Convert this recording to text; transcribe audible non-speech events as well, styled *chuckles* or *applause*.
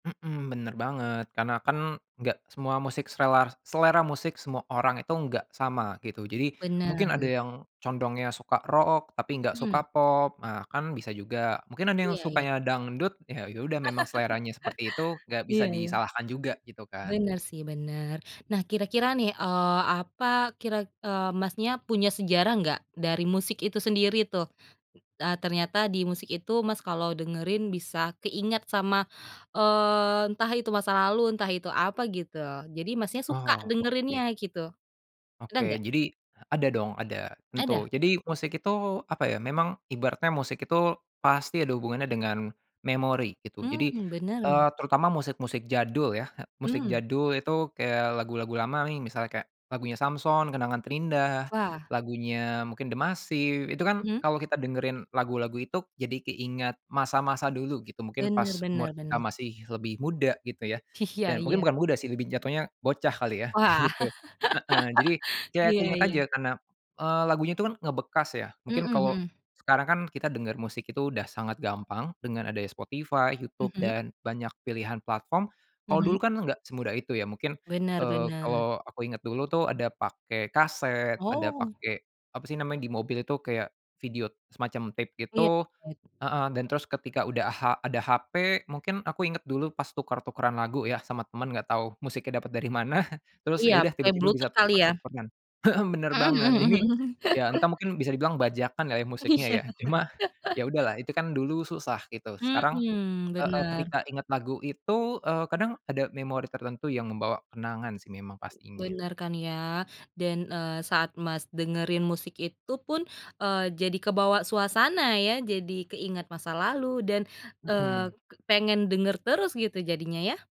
Mhm, bener banget karena kan enggak semua musik, serela selera musik semua orang itu enggak sama gitu, jadi mungkin ada Benar. yang condongnya suka rock tapi enggak Mhm. suka pop, nah kan bisa juga mungkin ada yang Iya ya. sukanya dangdut ya yaudah memang seleranya seperti itu enggak bisa Iya ya. disalahkan juga gitu kan. Bener sih, bener nah kira-kira nih eee, apa kira eee, Mas, nya punya sejarah enggak dari musik itu sendiri tuh? Eee, ternyata di musik itu Mas, kalau dengerin bisa keingat sama eee, entah itu masa lalu, entah itu apa gitu, jadi Mas, nya suka Oh oke. dengerinnya gitu, ada Oke, enggak? jadi ada dong, ada Ada? tentu. Jadi musik itu apa ya, memang ibaratnya musik itu pasti ada hubungannya dengan memori gitu jadi Hmm bener? eee, terutama musik-musik jadul ya, musik Hmm. jadul itu kayak lagu-lagu lama nih misalnya kayak lagunya Samsons, kenangan terindah, Wah. lagunya mungkin dMasiv itu kan Mhm. kalau kita dengerin lagu-lagu itu, jadi keingat masa-masa dulu *chuckles* gitu, mungkin bener, pas umur bener, kita bener. masih lebih muda gitu ya Iya dan mungkin iya. bukan muda sih, lebih jatuhnya bocah kali ya Wah. gitu, heeh jadi *laughs* ya Iya, keingat iya. aja karena eee, lagunya itu kan ngebekas ya, Mhm, mungkin kalau mhm. sekarang kan kita denger musik itu udah sangat gampang dengan adanya Spotify, Youtube Mhm. dan banyak pilihan platform. Kalau dulu Mhm. kan enggak semudah itu ya mungkin Bener, eee, bener. kalau aku inget dulu tuh ada pakai kaset ada Oh. pakai apa sih namanya di mobil itu kayak video semacam tape Iya. gitu *unintelligible* heeh dan terus ketika udah ha ada hp mungkin aku inget dulu pas tuker-tukeran lagu ya sama teman, enggak tahu musiknya dapat dari mana, terus iya ya udah pakai tiba-tiba bisa bluetooth kali ya. tuker-tukeran, mhm, bener Mhm, banget mhm jadi mhm mhm. ya entah *chuckles* mungkin bisa dibilang bajakan lah ya musiknya Iya. ya, cuma *laughs* ya udahlah itu kan dulu susah gitu sekarang Mhm, heeh, bener. ketika ingat lagu itu eee, kadang ada memori tertentu yang membawa kenangan sih memang pastinya. Benar kan ya dan eee, saat Mas, dengerin musik itu pun, eee, jadi kebawa suasana ya, jadi keingat masa lalu dan eee, Mhm. pengen denger terus gitu jadinya ya.